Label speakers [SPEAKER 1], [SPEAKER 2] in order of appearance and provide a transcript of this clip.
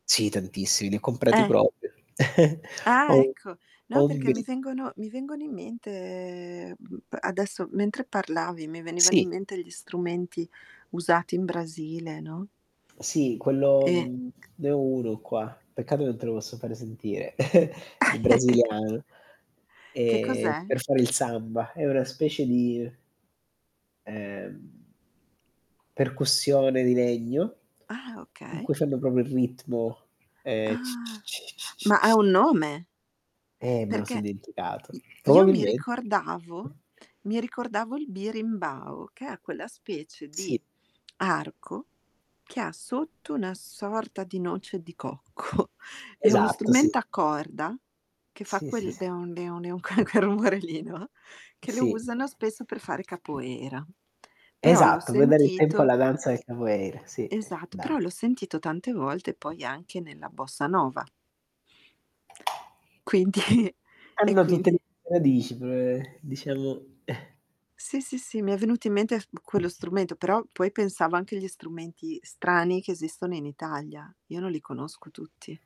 [SPEAKER 1] Sì tantissimi, ne ho comprati
[SPEAKER 2] Eh.
[SPEAKER 1] proprio. Ho
[SPEAKER 2] Ah,
[SPEAKER 1] un
[SPEAKER 2] ecco, no
[SPEAKER 1] ho un
[SPEAKER 2] perché mi
[SPEAKER 1] bil
[SPEAKER 2] vengono mi vengono in mente, ehm, mhmm, adesso mentre, parlavi mi venivano in
[SPEAKER 1] Sì.
[SPEAKER 2] mente gli strumenti usati in Brasile, no?
[SPEAKER 1] Sì, quello
[SPEAKER 2] Eh
[SPEAKER 1] mhmm, ne ho uno qua, peccato che non te lo posso fare sentire, il brasiliano,
[SPEAKER 2] Che
[SPEAKER 1] eh,
[SPEAKER 2] cos'è?
[SPEAKER 1] per fare il samba. È una specie di ehm percussione di legno
[SPEAKER 2] Ah,
[SPEAKER 1] in
[SPEAKER 2] okay.
[SPEAKER 1] cui fanno proprio il ritmo, eh, c c
[SPEAKER 2] Ah.
[SPEAKER 1] c c c
[SPEAKER 2] Ma ha
[SPEAKER 1] c
[SPEAKER 2] un nome?
[SPEAKER 1] Eh, me lo son
[SPEAKER 2] Perché
[SPEAKER 1] dimenticato.
[SPEAKER 2] i io mi
[SPEAKER 1] Probabilme
[SPEAKER 2] ricordavo mi ricordavo il birimbao, che è quella specie
[SPEAKER 1] Sì.
[SPEAKER 2] di arco che ha sotto una sorta di noce di cocco. È uno
[SPEAKER 1] Esatto, sì.
[SPEAKER 2] strumento a corda, che fa
[SPEAKER 1] Sì, sì,
[SPEAKER 2] quel
[SPEAKER 1] s
[SPEAKER 2] "deon deon deon" quel quel rumore lì, no, che lo
[SPEAKER 1] Sì.
[SPEAKER 2] usano spesso per fare Capoeira. Però l'ho
[SPEAKER 1] Esatto, puoi dare il tempo
[SPEAKER 2] sentito
[SPEAKER 1] alla danza [unintelligible] sì,
[SPEAKER 2] esatto, però l'ho
[SPEAKER 1] danza.
[SPEAKER 2] sentito tante volte, poi anche nella Bossa Nova. Quindi e
[SPEAKER 1] Hanno tutte le
[SPEAKER 2] quindi
[SPEAKER 1] radici, pre diciamo
[SPEAKER 2] Sì, sì, sì, mi è venuto in mente f quello strumento, però poi pensavo anche agli strumenti strani che esistono in Italia. Io non li conosco tutti.